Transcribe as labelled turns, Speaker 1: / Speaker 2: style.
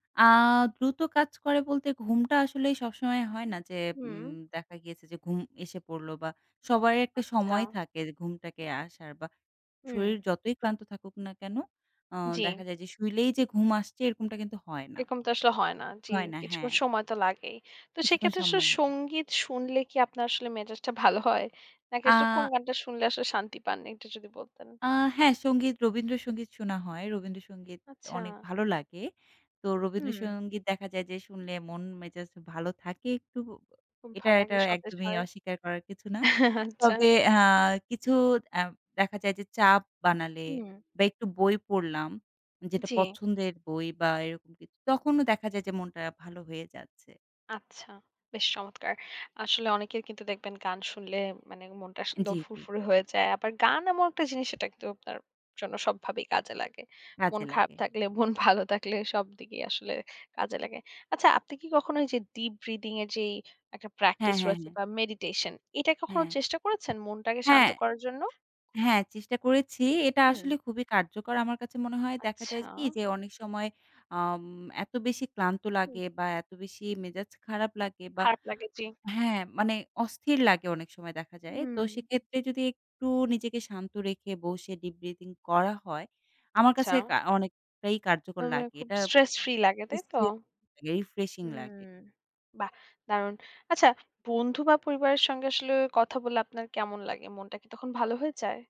Speaker 1: আ দ্রুত কাজ করে বলতে, ঘুমটা আসলেই সবসময় হয় না যে, উম
Speaker 2: হুম।
Speaker 1: দেখা গিয়েছে যে, ঘুম এসে পড়ল বা সবারইর একটা
Speaker 2: আচ্ছা।
Speaker 1: সময় থাকে র ঘুমটাকে আসার বা
Speaker 2: হুম।
Speaker 1: শরীর যতই ক্লান্ত থাকুক না কেনো? আ দেখা
Speaker 2: জি।
Speaker 1: যায় যে শুইলেই যে ঘুম আসছে, এরকমটা কিন্তু হয় না।
Speaker 2: একম তো আসলে হয় না। জি,
Speaker 1: হয় না, হ্যাঁ।
Speaker 2: কিছুক্ষণ সময় তো লাগেই। তো
Speaker 1: কিছুক্ষণ
Speaker 2: সেক্ষেত্রে আসলে
Speaker 1: সময় লাগে।
Speaker 2: সঙ্গীত শুনলে কি, আপনার আসলে মেসেজ টা ভালো হয়? নাকি আসলে কোন
Speaker 1: আ
Speaker 2: গানটা শুনলে আসলে শান্তি পান, একটু যদি বলতেন?
Speaker 1: আ হ্যাঁ। সঙ্গীত, রবীন্দ্রসঙ্গীত শোনা হয়। রবীন্দ্রসঙ্গীত অনেক
Speaker 2: আচ্ছা।
Speaker 1: ভালো লাগে। তো
Speaker 2: হুম।
Speaker 1: রবীন্দ্রসঙ্গীত দেখা যায় যে, শুনলে মন-মেজাজ ভালো থাকে একটু।
Speaker 2: খুব
Speaker 1: এটা
Speaker 2: ভাল
Speaker 1: এটা
Speaker 2: লাগে, সতেজ
Speaker 1: একদমই
Speaker 2: হয়।
Speaker 1: অস্বীকার করার কিছু না।
Speaker 2: আচ্ছা।
Speaker 1: তবে আ কিছু অ্যাম দেখা যায় যে চাপ বানালে
Speaker 2: হুম।
Speaker 1: বা একটু বই পড়লাম, যেটা
Speaker 2: জি।
Speaker 1: পছন্দের বই বা এরকম কিছু, তখনও দেখা যায় যে মনটা ভালো হয়ে যাচ্ছে।
Speaker 2: আচ্ছা। বেশ চমৎকার! আসলে অনেকের কিন্তু দেখবেন গান শুনলে মানে মনটা
Speaker 1: জি,
Speaker 2: আসলেও
Speaker 1: জি।
Speaker 2: ফুরফুরে হয়ে যায়। আবার গান এমন একটা জিনিস, সেটা কিন্তু আপনার জন্য সবভাবেই কাজে লাগে। মন
Speaker 1: কাজে
Speaker 2: খারাপ
Speaker 1: লাগে।
Speaker 2: থাকলে, মন ভালো থাকলে, সবদিকেই আসলে কাজে লাগে। আচ্ছা, আপনি কি কখনো ওই যে ডীপ ব্রিথিং এর যেই একটা
Speaker 1: হ্যাঁ,
Speaker 2: প্র্যাকটিস
Speaker 1: হ্যাঁ,
Speaker 2: রয়েছে
Speaker 1: হ্যাঁ।
Speaker 2: বা মেডিটেশন, এটা কখনো
Speaker 1: হ্যাঁ।
Speaker 2: চেষ্টা করেছেন, মনটাকে শান্ত
Speaker 1: হ্যাঁ।
Speaker 2: করার জন্য?
Speaker 1: হ্যাঁ, চেষ্টা করেছি। এটা
Speaker 2: হুম।
Speaker 1: আসলে খুবই কার্যকর। আমার কাছে মনে হয় দেখা যায়
Speaker 2: আচ্ছা।
Speaker 1: যে কি? অনেক সময় আম এত বেশি ক্লান্ত
Speaker 2: হুম।
Speaker 1: লাগে বা এত বেশি মেজাজ খারাপ লাগে বা
Speaker 2: খারাপ লাগে, জি।
Speaker 1: হ্যাঁ, মানে অস্থির লাগে অনেক সময় দেখা যায়। তো
Speaker 2: হুম।
Speaker 1: সেক্ষেত্রে যদি একটু নিজেকে শান্ত রেখে, বসে ডীপ ব্রিথিং করা হয়, আমার
Speaker 2: আচ্ছা।
Speaker 1: কাছে আ অনেকটাই কার্যকর
Speaker 2: তার মানে
Speaker 1: লাগে।
Speaker 2: খুব
Speaker 1: এটা
Speaker 2: স্ট্রেস ফ্রি লাগে, তাই তো?
Speaker 1: স্ট্রেস রিফ্রেশিং
Speaker 2: হুম,
Speaker 1: লাগে।
Speaker 2: বাহ! দারুণ! আচ্ছা, বন্ধু বা পরিবারের সঙ্গে আসলে কথা বলে আপনার কেমন লাগে? মনটা কি তখন ভালো হয়ে যায়?